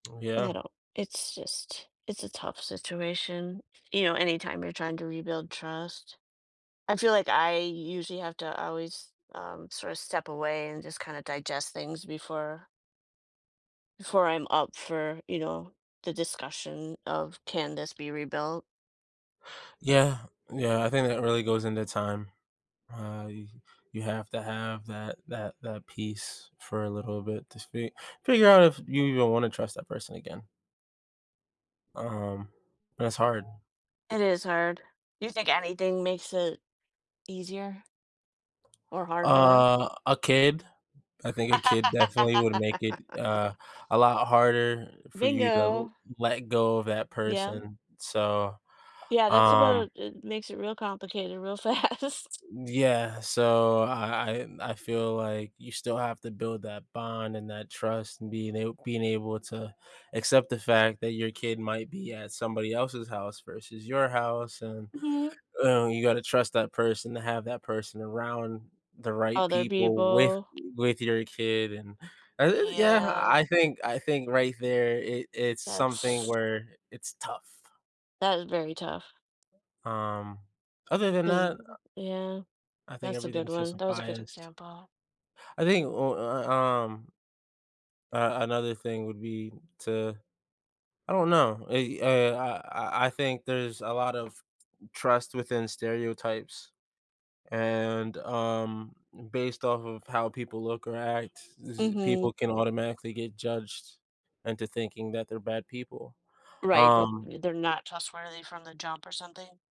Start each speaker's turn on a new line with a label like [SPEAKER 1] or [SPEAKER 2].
[SPEAKER 1] I
[SPEAKER 2] Yeah.
[SPEAKER 1] don't it's just, it's a tough situation. You know, anytime you're trying to rebuild trust, I feel like I usually have to always, um, sorta step away and just kinda digest things before before I'm up for, you know, the discussion of "can this be rebuilt."
[SPEAKER 2] Yeah, yeah, I think that really goes into time. Uh, you you have to have that that that peace for a little bit to speak figure out if you even want to trust that person again. Um, but it's hard.
[SPEAKER 1] It is hard. Do you think anything makes it easier? Or harder?
[SPEAKER 2] Uh, a kid, I think a kid definitely would make it, uh, a lot harder for you to
[SPEAKER 1] Bingo.
[SPEAKER 2] let go of that
[SPEAKER 1] Yeah.
[SPEAKER 2] person, so,
[SPEAKER 1] Yeah, that's
[SPEAKER 2] um
[SPEAKER 1] about it makes it real complicated, real fast.
[SPEAKER 2] Y yeah, so, I I I I feel like you still have to build that bond and that trust and being ab being able to accept the fact that your kid might be at somebody else's house versus your house, and,
[SPEAKER 1] Mhm.
[SPEAKER 2] uh, you gotta trust that person to have that person around the right
[SPEAKER 1] Other
[SPEAKER 2] people with,
[SPEAKER 1] people.
[SPEAKER 2] with your kid, and I th yeah,
[SPEAKER 1] Yeah.
[SPEAKER 2] I think I think right there, it it's something
[SPEAKER 1] That's
[SPEAKER 2] where it's tough.
[SPEAKER 1] that is very tough.
[SPEAKER 2] Um, other than
[SPEAKER 1] 'Cause,
[SPEAKER 2] that, uh
[SPEAKER 1] yeah,
[SPEAKER 2] I think
[SPEAKER 1] that's a good
[SPEAKER 2] everything's just
[SPEAKER 1] one,
[SPEAKER 2] a
[SPEAKER 1] that was a good
[SPEAKER 2] bias.
[SPEAKER 1] example.
[SPEAKER 2] I think, ooh, uh, uh, um uh, another thing would be to, I don't know, eh, uh uh, I I I think there's a lot of trust within stereotypes, and, um, m based off of how people look or act, it's just,
[SPEAKER 1] Mhm.
[SPEAKER 2] people can automatically get judged into thinking that they're bad people.
[SPEAKER 1] Right,
[SPEAKER 2] Um
[SPEAKER 1] that they're not trustworthy from the jump or something.